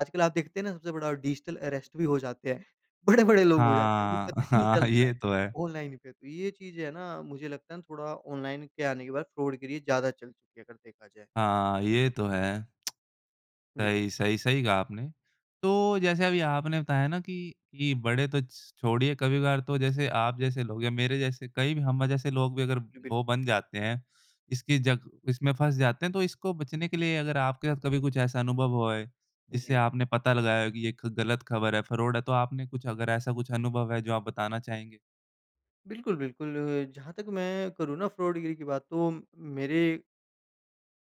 आजकल आप देखते हैं ना, सबसे बड़ा डिजिटल अरेस्ट भी हो जाते हैं, बड़े-बड़े लोग हो जाते हैं, उन्हें हाँ, पता ही नहीं हाँ, चलता है, ये तो है। ऑनलाइन पे तो ये चीज़ें ना मुझे लगता है थोड़ा ऑनलाइन के आने के बाद फ्रॉड गिरी ज़्यादा चल चुकी है अगर देखा जाए। हाँ, ये तो है। बिल सही, सही, सही कहा आपने। तो जैसे अभी आपने बताया ना कि इ बड़े तो छोड़िए, कभी-कभार तो जैसे आप जैसे लोग या मेरे जैसे कई भी हम जैसे लोग भी अगर जी, बि वो बन जाते हैं, इसकी जक इसमें फँस जाते हैं, तो इसको बचने के लिए अगर आपके साथ कभी कुछ ऐसा अनुभव हुआ है, जिससे जी। आपने पता लगाया हो कि ये ख गलत खबर है, फ्रॉड है तो आपने कुछ अगर ऐसा कुछ अनुभव है, जो आप बताना चाहेंगे? बिल्कुल, बिल्कुल जहाँ तक मैं करूँ ना फ्रॉड गिरी की बात तो मेरे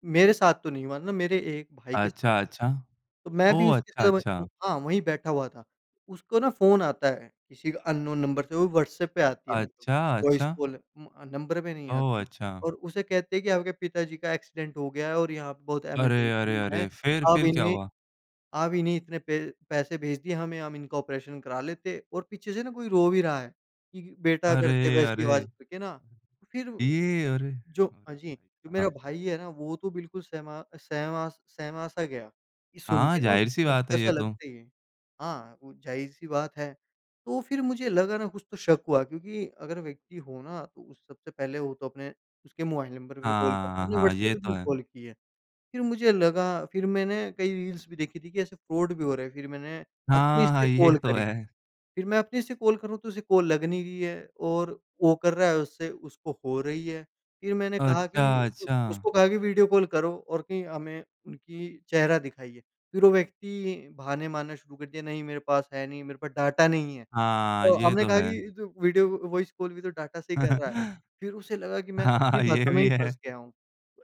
मेरे साथ तो नहीं हुआ ना, मेरे 1 भाई के साथ अच्छा, हुआ, अच्छा। तो मैं भी ओह! उसके अच्छा, साथ वहीं अच्छा। उ हाँ, वही बैठा हुआ था। उसको ना फ़ोन आता है किसी अन्नोन नंबर से वो व्हाट्सएप पे आती है [unintelligible] अच्छा, वॉइस अच्छा। कॉल उम, नंबर पे नहीं ओह! आती है अच्छा। और उसे कहते हैं कि आपके पिताजी का एक्सीडेंट हो गया है और यहाँ पे बहुत अरे, अरे, इमरजेंसी है। अरे! फिर आप फिर क्या इन्हें हुआ? आप इन्हें इतने पै पैसे भेज दिए हमें हम इनका ऑपरेशन करा लेते और पीछे से ना कोई रो भी रहा है, कि बेटा कर दे अरे, वैसी आवाज़ अरे! करके ना, फिर ये अरे! जो हाँ जी, मेरा [unintelligible] भाई है ना वो तो बिल्कुल सहमा सहमास सहमा सा गया ये सुन हाँ, के ना उसे ज़ाहिर-सी तो बात है धक्का-सा ये तो। लगता ही है। हाँ, वो ज़ाहिर-सी बात है तो फिर मुझे लगा ना कुछ तो शक हुआ क्योंकि अगर व्यक्ति हो ना, तो सबसे पहले वो तो अपने उसके मोबाइल नंबर पे कॉल करता, हाँ, उसने हाँ, व्हाट्सएप ये पे तो क्यों है। कॉल की है। फिर मुझे लगा, फिर मैंने कई रील्स भी देखी थी कि ऐसे फ्रॉड भी हो रहा है फिर मैंने अपने हाँ, से हाँ, ये कॉल तो करी, है। फिर मैं अपने से कॉल कर रहा हूँ तो उसे कॉल लग नहीं रही है और वो कर रहा है उससे उसको हो रही है। फिर मैंने कहा कि अच्छा, अच्छा। उसको कहा कि वीडियो कॉल करो और कही हमें उनकी चेहरा दिखाइए। फिर वो व्यक्ति बहाने मारना शुरू कर दिया नहीं मेरे पास है नहीं, मेरे पास डाटा नहीं है, हाँ, तो ये हमने तो कहा है। कि तू वीडियो वॉइस कॉल भी तो डाटा से ही कर रहा है। फिर उसे लगा कि मैं अपनी हाँ, ये बातों में ही भी फँस है। गया हूँ।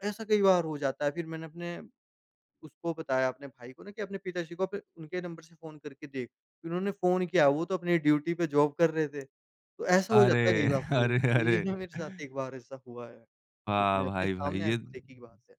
ऐसा कई बार हो जाता है फिर मैंने अपने उसको बताया अपने भाई को ना कि अपने पिताजी को फिर उनके नंबर से फ़ोन करके देख, इन्होंने फ़ोन किया वो तो अपनी ड्यूटी पे जॉब कर रहे थे। तो ऐसा हो जाता है कई अरे, बार फ्रॉड अरे, तो अरे! ये ना मेरे साथ एक बार ऐसा हुआ है जिसमें वाह, अपने भाई। भाई सामने ये आँखों देखी की बात है।